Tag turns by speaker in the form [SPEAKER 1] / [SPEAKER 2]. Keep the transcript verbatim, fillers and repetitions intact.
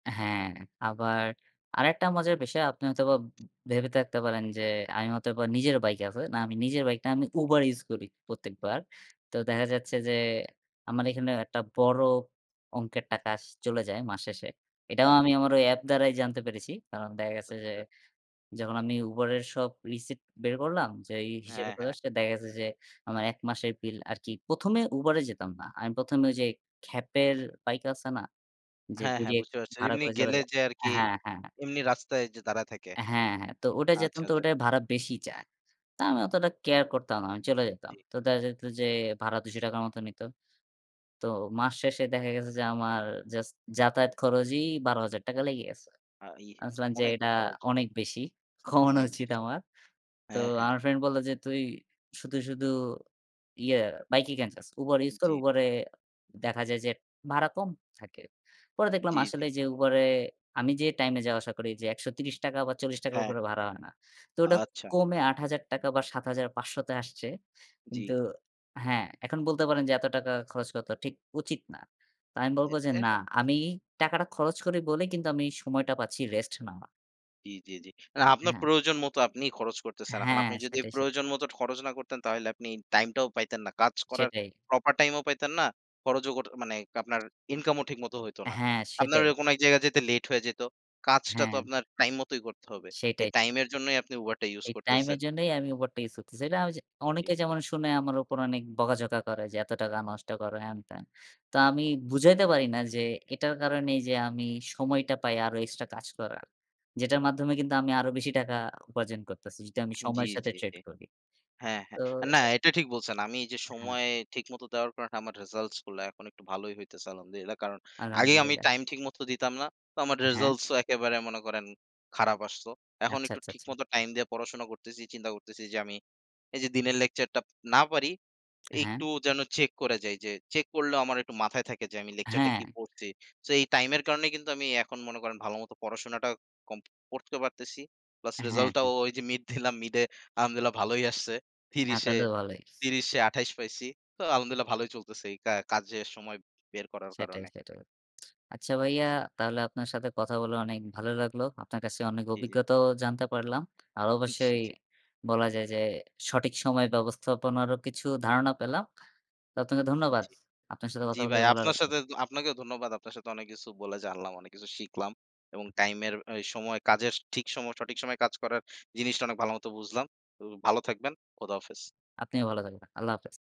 [SPEAKER 1] আ-হ্যাঁ, আবার আরেকটা মজার বিষয় আপনি হয়তোবা ভেবে থাকতে পারেন, যে আমি হয়তোবা নিজের bike আছে, না আমি নিজের bike না, আমি Uber use করি পত্তেকবার, তো দেখা যাচ্ছে যে, আমার এইখানে একটা বড় অংকের টাকাস চলে যায় মাস শেষে। এটাও
[SPEAKER 2] জি।
[SPEAKER 1] আমি আমার ঐ অ্যাপ দ্বারাই জানতে পেরেছি। কারণ দেখা গেছে যে,
[SPEAKER 2] আচ্ছা।
[SPEAKER 1] যখন আমি Uber এর সব receipt বের করলাম যে এই হিসেব
[SPEAKER 2] হ্যাঁ,
[SPEAKER 1] গুলো
[SPEAKER 2] হ্যাঁ।
[SPEAKER 1] আসলে দেখা গেছে যে, আমার এক মাসের বিল আরকি প্রথম এ Uber এ যেতাম না। আমি প্রথম এ ঐ যে খ্যাপের বাইক আছে না? যে
[SPEAKER 2] হ্যাঁ, হ্যাঁ
[SPEAKER 1] direct
[SPEAKER 2] বুঝতে পারছি। ঐ
[SPEAKER 1] ভাড়া
[SPEAKER 2] এমনি
[SPEAKER 1] করে চড়া
[SPEAKER 2] গেলে
[SPEAKER 1] যায়
[SPEAKER 2] যে
[SPEAKER 1] আ
[SPEAKER 2] আরকি
[SPEAKER 1] হ্যাঁ, হ্যাঁ।
[SPEAKER 2] এমনি রাস্তায় যে দাঁড়ায় থাকে।
[SPEAKER 1] অ্যা হ্যাঁ, হ্যাঁ তো ওটায় যেতাম
[SPEAKER 2] আচ্ছা,
[SPEAKER 1] তো
[SPEAKER 2] আচ্ছা।
[SPEAKER 1] ওটায় ভাড়া বেশি চায়। তা আমি অতটা care করতাম না। আমি চলে যাইতাম।
[SPEAKER 2] জ্বী।
[SPEAKER 1] তো দেখা যাইত যে ভাড়া দুইশ টাকা র মত নিত। তো
[SPEAKER 2] হুম।
[SPEAKER 1] মাস শেষে দেখা গেছে যে, আমার just যাতায়াত খরজই বারো হাজার টাকা লেগে গেছে।
[SPEAKER 2] আ ই
[SPEAKER 1] আমি ভাবছিলাম যে,
[SPEAKER 2] অনেক
[SPEAKER 1] এটা
[SPEAKER 2] খরচ
[SPEAKER 1] অনেক
[SPEAKER 2] ভাই।
[SPEAKER 1] বেশি। কমানো
[SPEAKER 2] অনেক
[SPEAKER 1] উচিত
[SPEAKER 2] বেশি।
[SPEAKER 1] আমার। তো
[SPEAKER 2] হ্যাঁ, হ্যাঁ।
[SPEAKER 1] আমার friend বলল যে, "তুই শুধু, শুধু ইয়ে bike এ ক্যান যাস? Uber use কর,
[SPEAKER 2] উম-জি।
[SPEAKER 1] Uber এ দেখা যায় যে ভাড়া কম থাকে।" পরে দেখলাম
[SPEAKER 2] জি, জি।
[SPEAKER 1] আসলেই যে Uber এ আমি যে time এ যাওয়া-আসা করি এইযে একশ ত্রিশ টাকা বা চল্লিশ টাকা র
[SPEAKER 2] হ্যাঁ।
[SPEAKER 1] উপরে ভাড়া হয় না। তো ওডা
[SPEAKER 2] আচ্ছা।
[SPEAKER 1] কমে আট হাজার টাকা বা সাত হাজার পাঁচশ তে আসছে।
[SPEAKER 2] জি।
[SPEAKER 1] কিন্তু আ-হ্যাঁ এখন বলতে পারেন যে, "এত টাকা খরচ করাতো ঠিক উচিত না।" তো আমি বলব
[SPEAKER 2] এটা
[SPEAKER 1] যে, "না
[SPEAKER 2] একটা
[SPEAKER 1] আমি টাকাটা খরচ করি বলে কিন্তু আমি সময়টা পাচ্ছি rest নেওয়া।"
[SPEAKER 2] জ্বী, জ্বী, জ্বী। মানে আপনার
[SPEAKER 1] হ্যাঁ।
[SPEAKER 2] প্রয়োজন মত আপনিই খরচ করতেছেন। এখন
[SPEAKER 1] হ্যাঁ
[SPEAKER 2] আপনি যদি
[SPEAKER 1] সেটাই, সেটাই।
[SPEAKER 2] প্রয়োজন মত ঠ খরচ না করতেন, তাইলে আপনি time টাও পাইতেন না। কাজ করার
[SPEAKER 1] সেটাই।
[SPEAKER 2] proper time ও পাইতেন না। খরোজো কর মানে কাপনার income ও ঠিক মতো হইতো না।
[SPEAKER 1] অ্যা-হ্যাঁ,
[SPEAKER 2] আপনার
[SPEAKER 1] সেটাই।
[SPEAKER 2] ঐ কোন এক জায়গা যেতে late হয়ে যেত। কাজটা তো
[SPEAKER 1] হ্যাঁ।
[SPEAKER 2] আপনার time মতোই করতে হবে। এ
[SPEAKER 1] সেটাই।
[SPEAKER 2] time এর জন্যই আপনি Uber টা use
[SPEAKER 1] এই time এর
[SPEAKER 2] করতেছেন।
[SPEAKER 1] জন্যই আমি Uber টা ইউজ করতেছি। এটা ঐযে
[SPEAKER 2] জি।
[SPEAKER 1] অনেকে যেমন শুনে, আমার উপর অনেক বকা-ঝকা করে যে, "এত টাকা নষ্ট করো, হেনতেন।" তো, আমি বুঝাইতে পারি না যে, এটার কারণেই যে আমি সময়টা পাই আরো extra কাজ করার। যেটার মাধ্যমে কিন্তু আমি আরো বেশি টাকা উপার্জন করতেছি। যেটা আমি
[SPEAKER 2] হান জ্বী,
[SPEAKER 1] সময়ের সাথে
[SPEAKER 2] জ্বী,
[SPEAKER 1] trade
[SPEAKER 2] জ্বী।
[SPEAKER 1] এর করি।
[SPEAKER 2] হ্যাঁ, হ্যাঁ
[SPEAKER 1] তো
[SPEAKER 2] আ না, এটা ঠিক বলছেন। আমি এইযে
[SPEAKER 1] আ-হ্যাঁ।
[SPEAKER 2] সময়ে ঠিক মত দেওয়ার কারণে আমার results গুলা এখন একটু ভালোই হইতাছে, الحمد لله কারণ, আগে
[SPEAKER 1] الحمد
[SPEAKER 2] আমি
[SPEAKER 1] لله
[SPEAKER 2] time ঠিকমত দিতাম না। তো, আমার
[SPEAKER 1] আ-হ্যাঁ।
[SPEAKER 2] results ও একেবারে মনে করেন, খারাপ আসতো। এখন
[SPEAKER 1] আচ্ছা,
[SPEAKER 2] একটু
[SPEAKER 1] আচ্ছা,
[SPEAKER 2] ঠিক
[SPEAKER 1] আচ্ছা।
[SPEAKER 2] মতো time দিয়ে পড়াশোনা করতেছি, চিন্তা করতেছি যে, আমি এই যে দিনের lecture টাপ না পারি,
[SPEAKER 1] হ্যাঁ?
[SPEAKER 2] একটু যেন check করে যাই যে, check করলেও আমার একটু মাথায় থাকে যে আমি lecture টা কি
[SPEAKER 1] আ-হ্যাঁ।
[SPEAKER 2] পড়ছি। so এই time এর কারণেই কিন্তু আমি এখন মনে করেন, ভালোমতো পড়াশুনাটা কম পড়তেও পারতেছি। plus
[SPEAKER 1] হ্যাঁ,
[SPEAKER 2] result টাও,
[SPEAKER 1] হ্যাঁ।
[SPEAKER 2] ওই যে mid দিলাম mid এ আলহামদুলিল্লাহ্‌ ভালোই আসছে।
[SPEAKER 1] হ্যাঁ
[SPEAKER 2] ত্রিশ এ
[SPEAKER 1] তাহলে তো ভালই।
[SPEAKER 2] ত্রিশ এ আঠাইশ পাইছি। তো الحمد لله ভালোই চলতেছে, এই কা কাজে সময় বের করার
[SPEAKER 1] সেটাই,
[SPEAKER 2] কারণে।
[SPEAKER 1] সেটাই। আচ্ছা ভাইয়া তাহলে আপনার সাথে কথা বলে অনেক ভালো লাগলো। আপনার কাছে অনেক
[SPEAKER 2] উম-জি, জি।
[SPEAKER 1] অভিজ্ঞতাও জানতে পারলাম। আর
[SPEAKER 2] উম-ঝি,
[SPEAKER 1] অবশ্যই,
[SPEAKER 2] জি।
[SPEAKER 1] বলা যায় যে, সঠিক সময় ব্যবস্থাপনারও কিছু ধারণা পেলাম। তো আতনাকে ধন্যবাদ।
[SPEAKER 2] উম-জি।
[SPEAKER 1] আপনার সাথে কথা
[SPEAKER 2] জি ভাই,
[SPEAKER 1] বলেও ভালো
[SPEAKER 2] আপনার
[SPEAKER 1] লাগলো।
[SPEAKER 2] সাথেত আপনাকেও ধন্যবাদ। আপনার সাথে অনেক কিছু বলে জানলাম, অনেক কিছু শিখলাম। এবং time এর ঐ সময় কাজেস ঠিক সম সঠিক সময়ে কাজ করার জিনিসটা অনেক ভালোমত বুঝলাম। ঔ ভালো থাকবেন। খোদা-হাফেজ।
[SPEAKER 1] আপনিও ভালো থাকবেন। الله حافظ